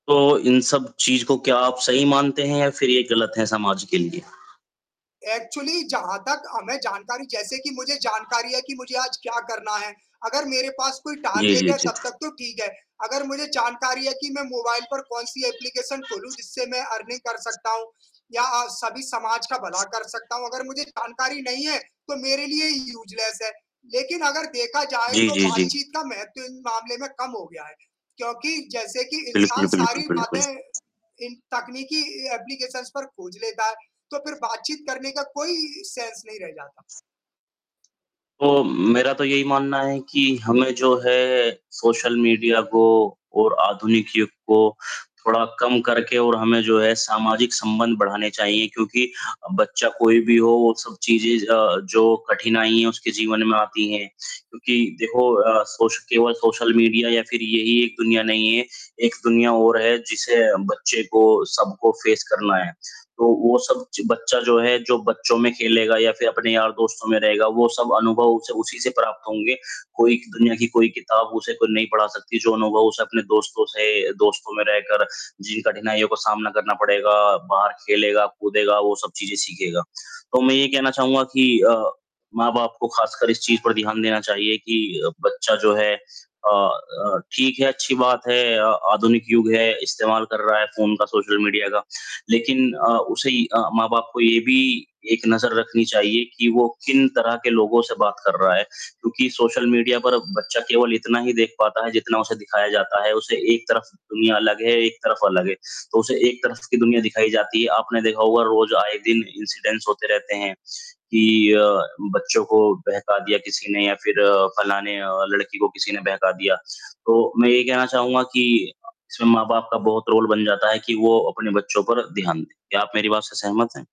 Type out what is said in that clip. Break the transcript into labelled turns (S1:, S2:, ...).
S1: तो, इन सब चीज़ को क्या आप सही मानते हैं या फ़िर ये गलत है समाज के लिए?
S2: एक्चुअली जहाँ तक हमें जानकारी जैसे कि मुझे जानकारी है, कि मुझे आज क्या करना है, अगर मेरे पास कोई
S1: जी,
S2: टारगेट
S1: जी,
S2: है
S1: जी।
S2: तब तक तो ठीक है। अगर मुझे जानकारी है कि मैं मोबाइल पर कौन-सी एप्लीकेशन खोलूँ, जिससे मैं अर्निंग कर सकता हूँ या अ, सभी समाज का भला कर सकता हूँ, अगर मुझे जानकारी नहीं है, तो मेरे लिए ये यूज़लेस है। लेकिन अगर देखा जाए
S1: जी,
S2: तो
S1: जी, जी।
S2: बातचीत का महत्व इन मामले में कम हो गया है, क्योंकि जैसे कि इंसान
S1: बिल्कुल, बिल्कुल,
S2: सारी
S1: बिल्कुल।
S2: बातें इन तकनीकी ए एप्लीकेशंस पर खोज लेता है, तो फ़िर बातचीत करने का कोई सेंस नहीं रह जाता।
S1: तो, मेरा तो यही मानना है कि हमें जो है, सोशल मीडिया को और आधुनिक युग को थोड़ा कम करके और हमें जो है सामाजिक संबंध बढ़ाने चाहिए क्योंकि अ, बच्चा कोई भी हो, वो सब चीज़ें अ, जो कठिनाइयाँ उसके जीवन में आती हैं। क्योंकि देखो अ, सोश केवल सोशल मीडिया या फ़िर यही एक दुनिया नहीं है, एक दुनिया और है जिसे बच्चे को सबको फेस करना है, तो वो सब ज बच्चा जो है, जो बच्चों में खेलेगा या फ़िर अपने यार दोस्तों में रहेगा वो सब अनुभव उसे उसी से प्राप्त होंगे। कोई दुनिया की कोई किताब उसे खुद नहीं पढ़ा सकती, जो अनुभव उसे अपने दोस्तों से दोस्तों में रहकर जिन कठिनाइयों को सामना करना पड़ेगा, बाहर खेलेगा, कूदेगा वो सब चीज़ें सीखेगा। तो मैं ये कहना चाहूँगा कि अ, माँ-बाप को खासकर इस चीज़ पर ध्यान देना चाहिए कि बच्चा जो है अ अ, ठीक है, अच्छी बात है अ, आधुनिक युग है, इस्तेमाल कर रहा है फ़ोन का, सोशल मीडिया का। लेकिन अ, उसे अ, माँ-बाप को ये भी एक नज़र रखनी चाहिए कि वो किन तरह के लोगों से बात कर रहा है, क्योंकि सोशल मीडिया पर बच्चा केवल इतना ही देख पाता है, जितना उसे दिखाया जाता है, उसे एक तरफ दुनिया अलग है, एक तरफ अलग है। तो उसे एक तरफ की दुनिया दिखाई जाती है, आपने देखा होगा रोज़ आए दिन इंसिडेंस होते रहते हैं, कि अ, बच्चों को बहका दिया किसी ने या फिर फ़लाने अ, लड़की को किसी ने बहका दिया। तो, मैं ये कहना चाहूँगा कि इसमें माँ-बाप का बहुत रोल बन जाता है कि वो अपने बच्चों पर ध्यान दें, क्या आप मेरी बात से सहमत हैं?